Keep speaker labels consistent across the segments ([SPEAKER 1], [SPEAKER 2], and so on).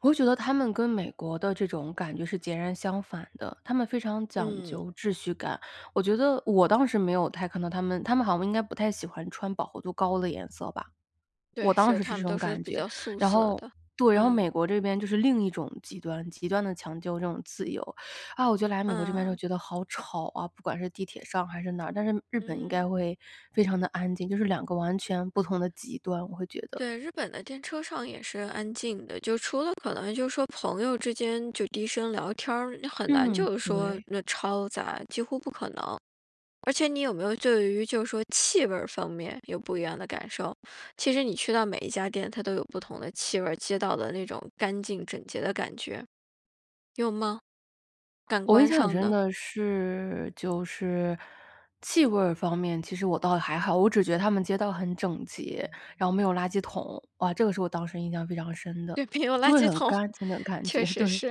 [SPEAKER 1] 我会觉得他们跟美国的这种感觉是截然相反的。他们非常讲
[SPEAKER 2] 嗯。
[SPEAKER 1] 究秩序感。我觉得我当时没有太看到他们，他们好像应该不太喜欢穿饱和度高的颜色吧。我
[SPEAKER 2] 对，
[SPEAKER 1] 当
[SPEAKER 2] 是，
[SPEAKER 1] 时是
[SPEAKER 2] 他
[SPEAKER 1] 这
[SPEAKER 2] 们
[SPEAKER 1] 种
[SPEAKER 2] 都是
[SPEAKER 1] 感
[SPEAKER 2] 比
[SPEAKER 1] 觉。
[SPEAKER 2] 较素
[SPEAKER 1] 然
[SPEAKER 2] 色
[SPEAKER 1] 后
[SPEAKER 2] 的。
[SPEAKER 1] 对，然后
[SPEAKER 2] 嗯。
[SPEAKER 1] 美国这边就是另一种极端，极端的强调这种自由。啊，我觉得来美国这边就
[SPEAKER 2] 嗯。
[SPEAKER 1] 觉得好吵啊，不管是地铁上还是哪儿，但是日本应该
[SPEAKER 2] 嗯。
[SPEAKER 1] 会非常的安静。就是两个完全不同的极端，我会觉得。
[SPEAKER 2] 对，日本的电车上也是安静的。就除了可能就是说朋友之间，就低声聊天儿，你很难
[SPEAKER 1] 嗯，
[SPEAKER 2] 就是说，
[SPEAKER 1] 对。
[SPEAKER 2] 那嘈杂，几乎不可能。而且你有没有对于就是说气味儿方面，有不一样的感受？其实你去到每一家店，它都有不同的气味儿，街道的那种干净整洁的感觉。有吗？感
[SPEAKER 1] 我印
[SPEAKER 2] 官
[SPEAKER 1] 象很
[SPEAKER 2] 上
[SPEAKER 1] 深
[SPEAKER 2] 的。
[SPEAKER 1] 的是就是气味儿方面其实我倒也还好。我只觉得他们街道很整洁，然后没有垃圾桶。啊，这个是我当时印象非常深的。
[SPEAKER 2] 对，没有
[SPEAKER 1] 就
[SPEAKER 2] 垃
[SPEAKER 1] 会
[SPEAKER 2] 圾
[SPEAKER 1] 很
[SPEAKER 2] 桶，
[SPEAKER 1] 干净的感
[SPEAKER 2] 确
[SPEAKER 1] 觉，
[SPEAKER 2] 实
[SPEAKER 1] 对。
[SPEAKER 2] 是。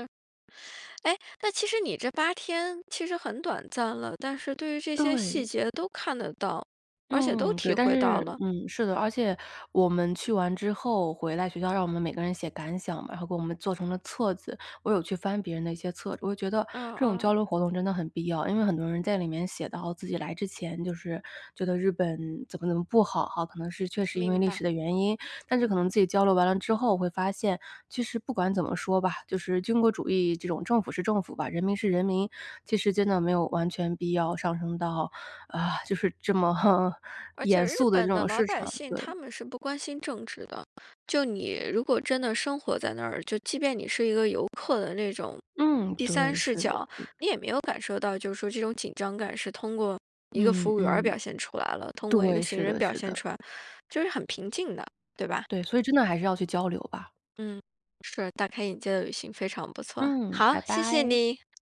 [SPEAKER 2] 诶，那其实你这8天，其实很短暂了。但是对于这些细
[SPEAKER 1] 对。
[SPEAKER 2] 节都看得到，而且都
[SPEAKER 1] 嗯，对。
[SPEAKER 2] 体
[SPEAKER 1] 但
[SPEAKER 2] 会
[SPEAKER 1] 是
[SPEAKER 2] 到了。
[SPEAKER 1] 嗯，是的。而且我们去完之后，回来学校，让我们每个人写感想嘛，然后给我们做成了册子。我有去翻别人的一些册子。我觉得
[SPEAKER 2] 哦，
[SPEAKER 1] 这种
[SPEAKER 2] 哦。
[SPEAKER 1] 交流活动真的很必要，因为很多人在里面写到自己来之前，就是觉得日本怎么怎么不好哈。可能是确实因为
[SPEAKER 2] 明
[SPEAKER 1] 历
[SPEAKER 2] 白。
[SPEAKER 1] 史的原因，但是可能自己交流完了之后，会发现，其实不管怎么说吧，就是军国主义，这种政府是政府吧，人民是人民。其实真的没有完全必要上升到啊，就是这么，
[SPEAKER 2] 而
[SPEAKER 1] 严
[SPEAKER 2] 且日
[SPEAKER 1] 肃的这
[SPEAKER 2] 本的
[SPEAKER 1] 种
[SPEAKER 2] 老
[SPEAKER 1] 市
[SPEAKER 2] 百
[SPEAKER 1] 场，
[SPEAKER 2] 姓
[SPEAKER 1] 对。
[SPEAKER 2] 他们是不关心政治的。就你如果真的生活在那儿，就即便你是一个游客的那种
[SPEAKER 1] 嗯，
[SPEAKER 2] 第三
[SPEAKER 1] 对，
[SPEAKER 2] 视
[SPEAKER 1] 是的
[SPEAKER 2] 角，
[SPEAKER 1] 是的。
[SPEAKER 2] 你也没有感受到就是说这种紧张感是通过一个
[SPEAKER 1] 嗯
[SPEAKER 2] 服务员儿
[SPEAKER 1] 嗯。
[SPEAKER 2] 表现出来了，通过一
[SPEAKER 1] 对，
[SPEAKER 2] 个行
[SPEAKER 1] 是
[SPEAKER 2] 人
[SPEAKER 1] 的
[SPEAKER 2] 表
[SPEAKER 1] 是
[SPEAKER 2] 现
[SPEAKER 1] 的。
[SPEAKER 2] 出来，就是很平静的，对吧？
[SPEAKER 1] 对，所以真的还是要去交流吧。
[SPEAKER 2] 嗯，是，大开眼界的旅行，非常不错。
[SPEAKER 1] 嗯，
[SPEAKER 2] 好，
[SPEAKER 1] 拜
[SPEAKER 2] 谢谢
[SPEAKER 1] 拜。
[SPEAKER 2] 你。